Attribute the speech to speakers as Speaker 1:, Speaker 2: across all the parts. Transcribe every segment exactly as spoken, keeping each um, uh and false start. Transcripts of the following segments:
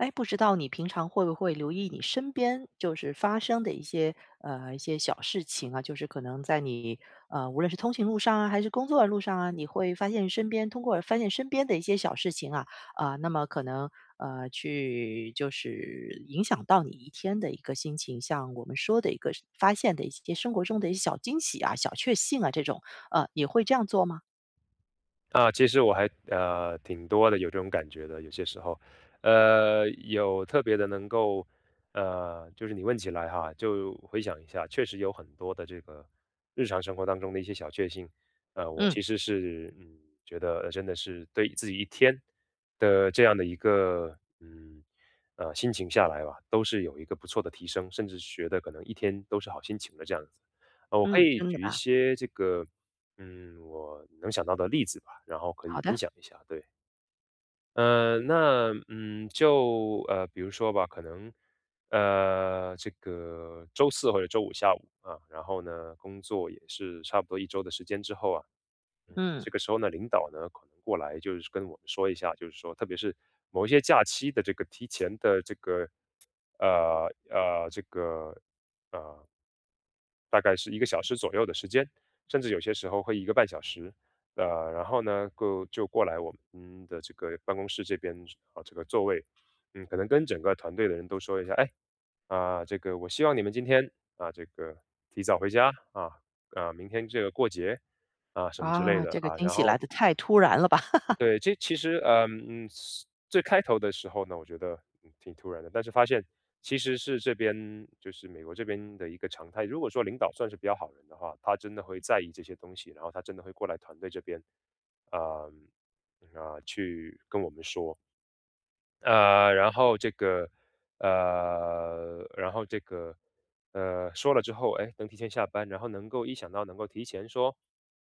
Speaker 1: 诶，不知道你平常会不会留意你身边就是发生的一些，呃，一些小事情啊，就是可能在你呃，无论是通行路上啊，还是工作的路上啊，你会发现身边通过发现身边的一些小事情啊，呃，那么可能呃，去就是影响到你一天的一个心情，像我们说的一个是发现的一些生活中的一些小惊喜啊、小确幸啊这种，呃，也会这样做吗？
Speaker 2: 啊，其实我还呃，挺多的有这种感觉的，有些时候。呃，有特别的能够呃，就是你问起来哈，就回想一下确实有很多的这个日常生活当中的一些小确幸。呃，我
Speaker 1: 嗯。
Speaker 2: 其实是嗯，觉得真的是对自己一天的这样的一个，嗯，呃，心情下来吧，都是有一个不错的提升，甚至是觉得可能一天都是好心情的这样子。呃，我可
Speaker 1: 嗯，
Speaker 2: 以
Speaker 1: 真的
Speaker 2: 举一
Speaker 1: 吧。
Speaker 2: 些这个，嗯，我能想到的例子吧，然后可以
Speaker 1: 好的。
Speaker 2: 分享一下，对。呃，那，嗯，就呃，比如说吧，可能，呃，这个周四或者周五下午，啊，然后呢，工作也是差不多一周的时间之后啊，
Speaker 1: 嗯。
Speaker 2: 这个时候呢，领导呢，可能过来就是跟我们说一下就是说特别是某一些假期的这个提前的这个呃，呃，这个，呃，大概是一个小时左右的时间，甚至有些时候会一个半小时。呃，然后呢，过就过来我们嗯，我们的这个办公室这边呃，这个座位嗯，可能跟整个团队的人都说一下，诶，啊，这个我希望你们今天，啊，这个提早回家，啊，啊，明天这个过节，啊，什么之类
Speaker 1: 啊，
Speaker 2: 的，
Speaker 1: 这个
Speaker 2: 啊，
Speaker 1: 惊
Speaker 2: 然
Speaker 1: 喜来
Speaker 2: 后
Speaker 1: 得太突然了吧。
Speaker 2: 对，这其实，呃，嗯最开头的时候呢，我觉得挺突然的，但是发现其实是这边就是美国这边的一个常态。如果说领导算是比较好人的话，他真的会在意这些东西，然后他真的会过来团队这边啊，啊，去跟我们说。呃，然后这个，呃然后这个，呃说了之后，诶，能提前下班，然后能够一想到能够提前说，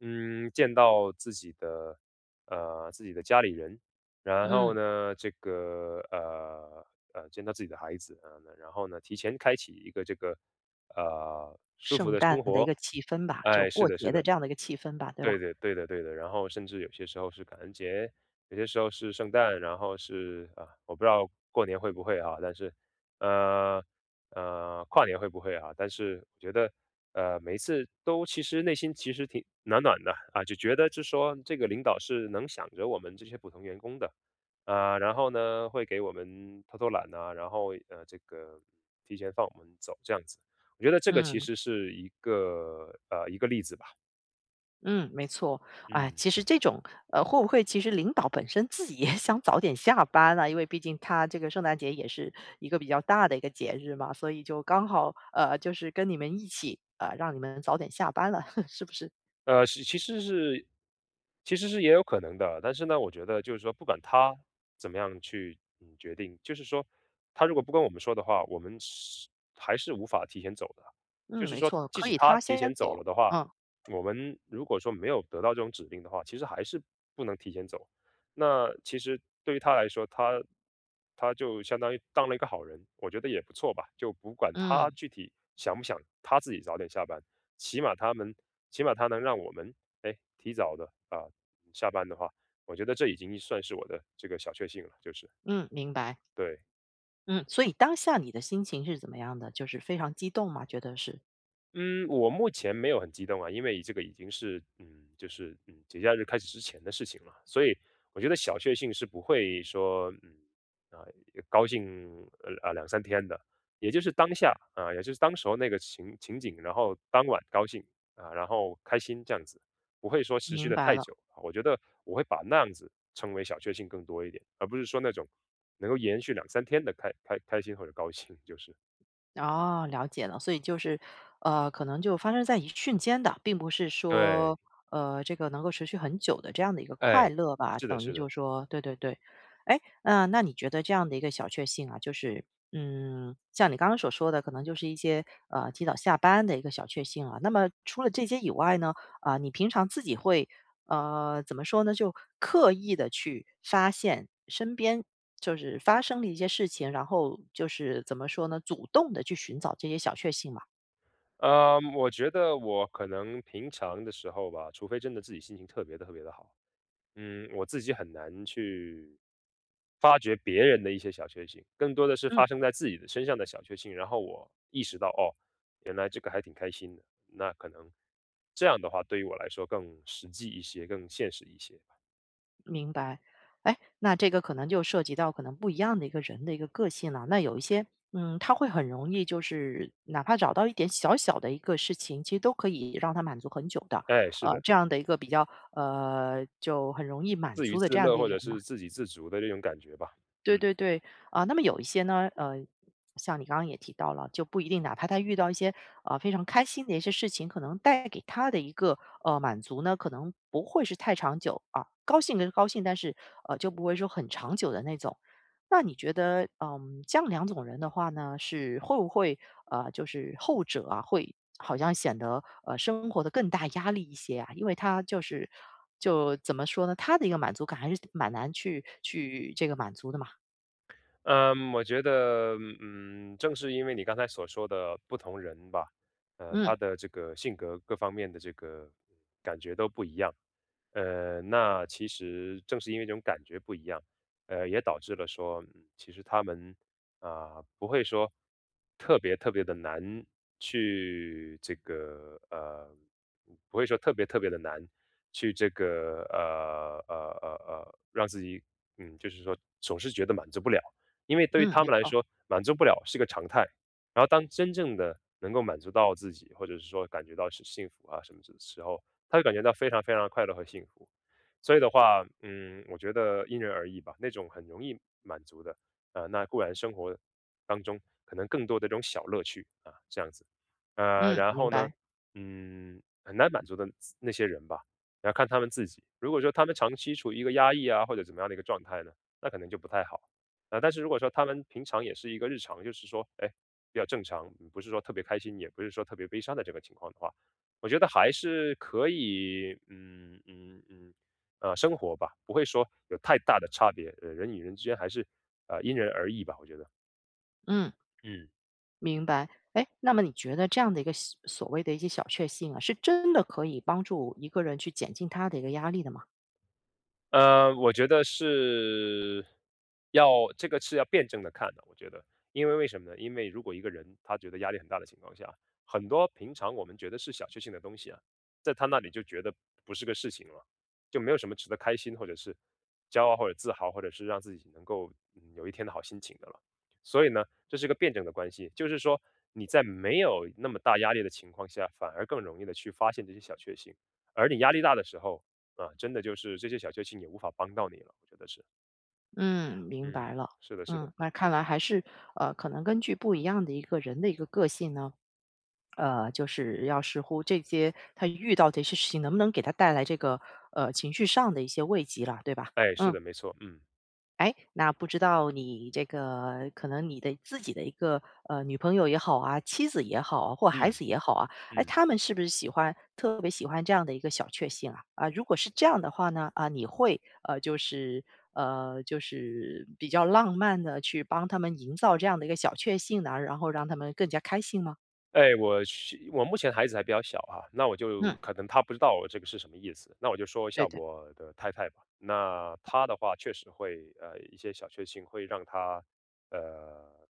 Speaker 2: 嗯见到自己的，呃自己的家里人。然后
Speaker 1: 嗯。
Speaker 2: 呢，这个，呃呃见到自己的孩子。呃，然后呢，提前开启一个这个，呃舒服
Speaker 1: 圣
Speaker 2: 的生
Speaker 1: 诞的
Speaker 2: 活。
Speaker 1: 一个气氛吧，就
Speaker 2: 诶，是
Speaker 1: 过
Speaker 2: 的是
Speaker 1: 节的
Speaker 2: 的。
Speaker 1: 这样的一个气氛吧，对
Speaker 2: 对
Speaker 1: 吧？
Speaker 2: 对，对的对的。然后甚至有些时候是感恩节，有些时候是圣诞。然后是啊，我不知道过年会不会啊，但是，呃，呃跨年会不会啊。但是我觉得，呃每一次都其实内心其实挺暖暖的。啊就觉得就说，这个领导是能想着我们这些普通员工的。呃，然后呢，会给我们偷偷懒啊，然后，呃这个提前放我们走这样子。我觉得这个其
Speaker 1: 嗯。
Speaker 2: 实是一个，呃一个例子吧。
Speaker 1: 嗯，没错，哎，
Speaker 2: 嗯。
Speaker 1: 其实这种，呃会不会其实领导本身自己也想早点下班啊。因为毕竟他这个圣诞节也是一个比较大的一个节日嘛，所以就刚好，呃就是跟你们一起，呃让你们早点下班了，是不是？
Speaker 2: 呃其其实是其实是也有可能的，但是呢，我觉得就是说不管他怎么样去，嗯，决定，就是说他如果不跟我们说的话，我们是还是无法提前走的，就
Speaker 1: 嗯，
Speaker 2: 是
Speaker 1: 没
Speaker 2: 说
Speaker 1: 错。
Speaker 2: 即
Speaker 1: 可
Speaker 2: 使
Speaker 1: 以
Speaker 2: 他
Speaker 1: 他
Speaker 2: 提前
Speaker 1: 先
Speaker 2: 走了
Speaker 1: 走
Speaker 2: 的话，
Speaker 1: 嗯。
Speaker 2: 我们如果说没有得到这种指令的话，其实还是不能提前走。那其实对于他来说，他他就相当于当了一个好人，我觉得也不错吧，就不管他
Speaker 1: 嗯。
Speaker 2: 具体想不想他自己早点下班，起码他能起码他能让我们，哎，提早地呃下班的话，我觉得这已经算是我的这个小确幸了，就是。
Speaker 1: 嗯，明白。
Speaker 2: 对。
Speaker 1: 嗯，所以当下你的心情是怎么样的，就是非常激动吗？觉得是。
Speaker 2: 嗯，我目前没有很激动啊，因为这个已经是嗯，就是，嗯，节假日开始之前的事情了。所以我觉得小确幸是不会说嗯，呃，高兴，呃，呃，两三天的，也就是当下，呃，也就是当时候那个情情景，然后当晚高兴，啊，然后开心这样子，不会说持续
Speaker 1: 明
Speaker 2: 得
Speaker 1: 白
Speaker 2: 太
Speaker 1: 了。
Speaker 2: 久，哦，我觉得我会把那样子称为小确幸更多一点，而不是说那种能够延续两三天的开开开心或者高兴就是。
Speaker 1: 哦，了解了，所以就是，呃，可能就发生在一瞬间的，并不是
Speaker 2: 对。
Speaker 1: 说，呃，这个能够持续很久的这样的一个
Speaker 2: 哎，
Speaker 1: 快乐吧，
Speaker 2: 是的
Speaker 1: 等于
Speaker 2: 是的。
Speaker 1: 就是说对对对。哎，呃，那你觉得这样的一个小确幸啊，就是，嗯，像你刚刚所说的，可能就是一些，呃，提早下班的一个小确幸啊。那么除了这些以外呢，啊，你平常自己会，呃怎么说呢？就刻意地去发现身边就是发生的一些事情，然后就是怎么说呢？主动地去寻找这些小确幸吗？
Speaker 2: 呃，我觉得我可能平常的时候吧，除非真的自己心情特别特别地好，嗯，我自己很难去发掘别人的一些小确幸。更多的是
Speaker 1: 嗯。
Speaker 2: 发生在自己身上的小确幸，然后我意识到，哦，原来这个还挺开心的，那可能这样的话对于我来说更实际一些，更现实一些吧。
Speaker 1: 明白，哎，那这个可能就涉及到可能不一样的一个人的一个个性了。那有一些，嗯，他会很容易就是哪怕找到一点小小的一个事情，其实都可以让他满足很久的，
Speaker 2: 哎，是
Speaker 1: 呃，
Speaker 2: 的。
Speaker 1: 这样的一个比较，呃就很容易满
Speaker 2: 自娱
Speaker 1: 足的这
Speaker 2: 自
Speaker 1: 样
Speaker 2: 乐
Speaker 1: 的一个
Speaker 2: 或
Speaker 1: 人
Speaker 2: 者
Speaker 1: 呢。
Speaker 2: 是自给自足的那种感觉吧。
Speaker 1: 对
Speaker 2: 嗯。
Speaker 1: 对对，啊，那么有一些呢，呃，像你刚刚也提到了，就不一定，哪怕他遇到一些，呃，非常开心的一些事情，可能带给他的一个，呃，满足呢，可能不会是太长久，啊。高兴能高兴，但是，呃，就不会说很长久的那种。那你觉得，呃，这样两种人的话呢，是会不会，呃就是后者啊，会好像显得，呃，生活得更大压力一些啊？因为他就是就怎么说呢？他的一个满足感还是蛮难去去这个满足的嘛。
Speaker 2: 呃，我觉得，嗯，正是因为你刚才所说的不同人吧，呃，
Speaker 1: 嗯。
Speaker 2: 他的这个性格各方面的这个感觉都不一样，呃，那其实正是因为这种感觉不一样，呃，也导致了说其实他们，啊，不会说特别特别地难去这个，呃，不会说特别特别地难，去这个呃，呃，呃，呃，让自己，嗯，就是说总是觉得满足不了。因为对
Speaker 1: 嗯，
Speaker 2: 他
Speaker 1: 没
Speaker 2: 们来
Speaker 1: 错。
Speaker 2: 说满足不了是一个常态，然后当真正的能够满足到自己，或者是说感觉到是幸福啊什么什么时候，他就感觉到非常非常地快乐和幸福。所以的话，嗯，我觉得因人而异吧，那种很容易满足的，呃，那固然生活当中可能更多的这种小乐趣，啊，这样子。呃，
Speaker 1: 嗯，
Speaker 2: 然
Speaker 1: 明
Speaker 2: 后呢，
Speaker 1: 白。
Speaker 2: 嗯，很难满足的那些人吧，要看他们自己，如果说他们长期处于一个压抑啊，或者怎么样的一个状态呢，那可能就不太好。那但是如果说他们平常也是一个日常就是说，诶，比较正常，也不是说特别开心，也不是说特别悲伤的这个情况的话，我觉得还是可以，嗯，嗯，嗯，呃，生活吧，不会说有太大的差别，呃，人与人之间还是，呃，因人而异吧我觉得。
Speaker 1: 嗯。
Speaker 2: 嗯。
Speaker 1: 明白。诶，那么你觉得这样的一个小所谓的一些小确幸啊，是真的可以帮助一个人去减轻他的一个压力的吗？
Speaker 2: 呃，我觉得是要这个是要辩证地看的。我觉得，因为为什么呢？因为如果一个人他觉得压力很大的情况下，很多平常我们觉得是小确幸的东西啊，在他那里就觉得不是个事情了，就没有什么值得开心，或者是骄傲或者自豪，或者是让自己能够有一天的好心情的了。所以呢，这是个辩证的关系，就是说你在没有那么大压力的情况下，反而更容易地去发现这些小确幸，而你压力大的时候，啊，真的就是这些小确幸也无法帮到你了，我觉得是。
Speaker 1: 嗯，明
Speaker 2: 嗯，
Speaker 1: 白了。
Speaker 2: 是的是的。
Speaker 1: 嗯，那看来还是，呃，可能根据不一样的一个人的一个个性呢，呃，就是要视乎这些他遇到这些事情能不能给他带来这个呃，情绪上的一些慰藉了，对吧？
Speaker 2: 诶，是
Speaker 1: 嗯。
Speaker 2: 的，没错，嗯。
Speaker 1: 诶，那不知道你这个可能你的自己的一个，呃，女朋友也好啊，妻子也好，或孩
Speaker 2: 嗯，
Speaker 1: 子也好啊，诶，
Speaker 2: 嗯。
Speaker 1: 他们是不是喜欢特别喜欢这样的一个小确幸啊？啊，如果是这样的话呢，啊，你会呃，就是呃，就是比较浪漫地去帮他们营造这样的一个小确幸呢，然后让他们更加开心吗？
Speaker 2: 哎，我是我目前孩子还比较小啊，那我就
Speaker 1: 嗯。
Speaker 2: 可能他不知道我这个是什么意思。那我就说一
Speaker 1: 对
Speaker 2: 下
Speaker 1: 的。
Speaker 2: 我的太太吧，那她的话确实会，呃，一些小确幸会让她，呃，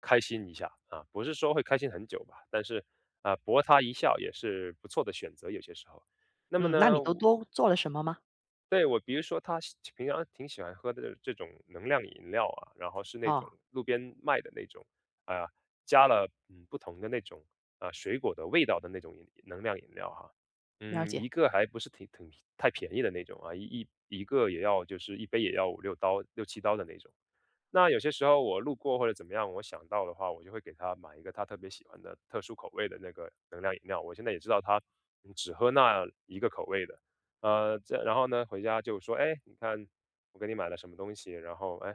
Speaker 2: 开心一下，啊，不是说会开心很久吧，但是，呃，不过她一笑也是不错的选择，有些时候。那么
Speaker 1: 嗯，那
Speaker 2: 呢，
Speaker 1: 你都
Speaker 2: 我
Speaker 1: 多做了什么吗？
Speaker 2: 对，我比如说她喜平常挺喜欢喝的这种能量饮料啊，然后是那种
Speaker 1: 哦。
Speaker 2: 路边卖的那种，呃，加了，嗯，不同的那种，呃，水果的味道的那种饮能量饮料啊。
Speaker 1: 了
Speaker 2: 嗯，
Speaker 1: 解。
Speaker 2: 一个还不是挺挺太便宜的那种啊，一一一个也要，就是一杯也要五六刀，六七刀的那种。那有些时候我路过或者怎么样我想到的话，我就会给她买一个她特别喜欢的特殊口味的那个能量饮料，我现在也知道她只喝那一个口味的。呃，再然后呢，回家就说：“诶，你看我给你买了什么东西。”然后，诶，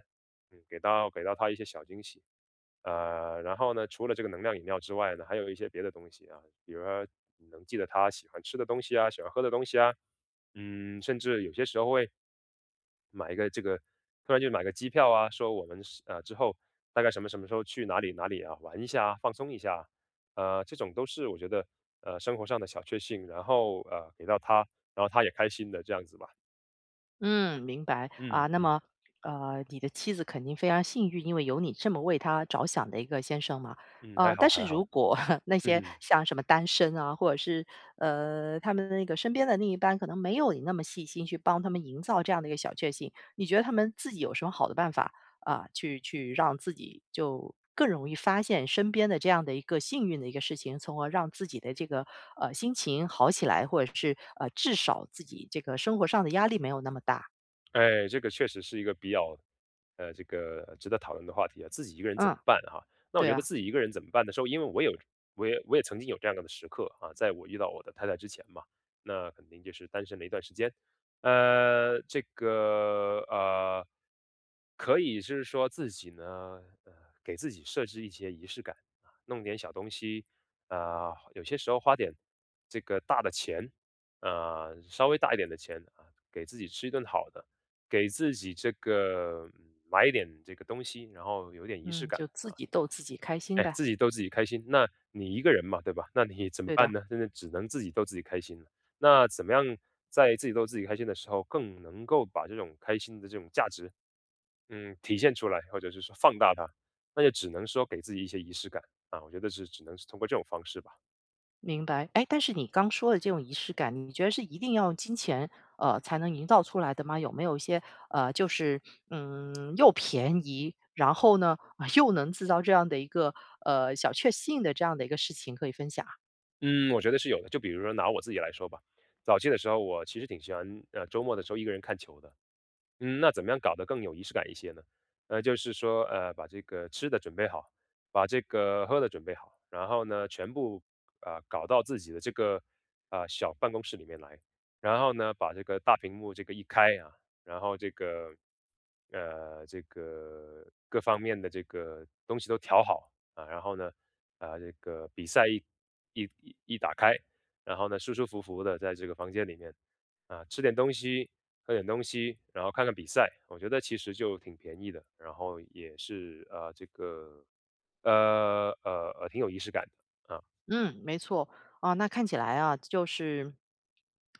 Speaker 2: 给到给到她一些小惊喜。呃，然后呢，除了这个能量饮料之外呢，还有一些别的东西啊，比如说你能记得她喜欢吃的东西啊、喜欢喝的东西啊。嗯，甚至有些时候会买一个这个，突然就买个机票啊，说我们是，呃，之后大概什么什么时候去哪里哪里啊，玩一下啊，放松一下。呃，这种都是我觉得，呃，生活上的小确幸，然后，呃，给到她，然后她也开心的这样子吧。
Speaker 1: 嗯，明白，
Speaker 2: 嗯
Speaker 1: 啊那
Speaker 2: 嗯。
Speaker 1: 么，呃你的妻子肯定非常幸运，因为有你这么为她着想的一个先生嘛。
Speaker 2: 嗯，还
Speaker 1: 呃，
Speaker 2: 好
Speaker 1: 但
Speaker 2: 还
Speaker 1: 是如
Speaker 2: 好。
Speaker 1: 果 那些 像什么单身啊，或者是，呃他们那个身边的另一半可能没有你那么细心去帮她营造这样的一个小确幸，你觉得他们自己有什么好的办法，啊，去去让自己就更容易发现身边的这样的一个幸运的一个事情，从而让自己的这个，呃，心情好起来，或者是，呃，至少自己这个生活上的压力没有那么大？
Speaker 2: 哎，这个确实是一个比较，呃，这个值得讨论的话题啊，自己一个人怎么
Speaker 1: 啊，
Speaker 2: 办啊，那我
Speaker 1: 对
Speaker 2: 觉得
Speaker 1: 啊。
Speaker 2: 自己一个人怎么办的时候，因为我有我也我也曾经有这样的时刻啊，在我遇到我的太太之前嘛，那肯定就是单身了一段时间。呃，这个，呃可以是说自己呢，给自己设置一些仪式感，弄点小东西，呃，有些时候花点这个大的钱，呃，稍微大一点的钱，啊，给自己吃一顿好的，给自己这个买一点这个东西，然后有点仪式
Speaker 1: 嗯，
Speaker 2: 感
Speaker 1: 就自己逗自己开心
Speaker 2: 啊。哎，
Speaker 1: 呗。
Speaker 2: 自己逗自己开心，那你一个人嘛，对吧？那你怎么
Speaker 1: 对的。
Speaker 2: 办呢？那只能自己逗自己开心了。那怎么样在自己逗自己开心的时候，更能够把这种开心的这种价值，嗯，体现出来，或者是说放大它，那就只能说给自己一些仪式感，啊，我觉得是只能是通过这种方式吧。
Speaker 1: 明白，诶，但是你刚说的这种仪式感，你觉得是一定要用金钱，呃，才能营造出来的吗？有没有一些，呃，就是，嗯，又便宜，然后呢，又能制造这样的一个，呃，小确幸的这样的一个事情可以分享啊？
Speaker 2: 嗯，我觉得是有的。就比如说拿我自己来说吧，早期的时候我其实挺喜欢，呃，周末的时候一个人看球的。嗯，那怎么样搞得更有仪式感一些呢？那就是说，呃，把这个吃的准备好，把这个喝的准备好，然后呢全部，呃，搞到自己的这个，呃，小办公室里面来。然后呢把这个大屏幕这个一开啊，然后这个，呃这个各方面的这个东西都调好，啊，然后呢，呃，这个比赛一一一一打开，然后呢，舒舒服服地在这个房间里面，啊，吃点东西、喝点东西，然后看看比赛。我觉得其实就挺便宜的，然后也是，呃，这个，呃呃呃，挺有仪式感，啊。
Speaker 1: 嗯，没错，啊，那看起来啊，就是。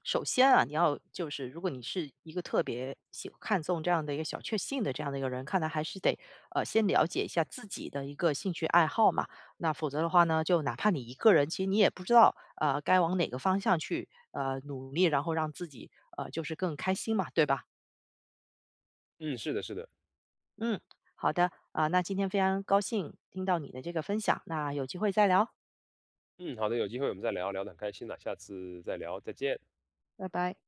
Speaker 1: 首先啊，你要就是如果你是一个特别喜看重这样的一个小确幸的这样的一个人，看来还是得，呃，先了解一下自己的一个兴趣爱好嘛。那否则的话呢，就哪怕你一个人，其实你也不知道，呃，该往哪个方向去，呃，努力，然后让自己，呃，就是更开心嘛，对吧？
Speaker 2: 嗯，是的是的。
Speaker 1: 嗯，好的，呃，那今天非常高兴听到你的这个分享，那有机会再聊。
Speaker 2: 嗯，好的，有机会我们再聊。聊得很开心呐，下次再聊，再见。
Speaker 1: 拜拜。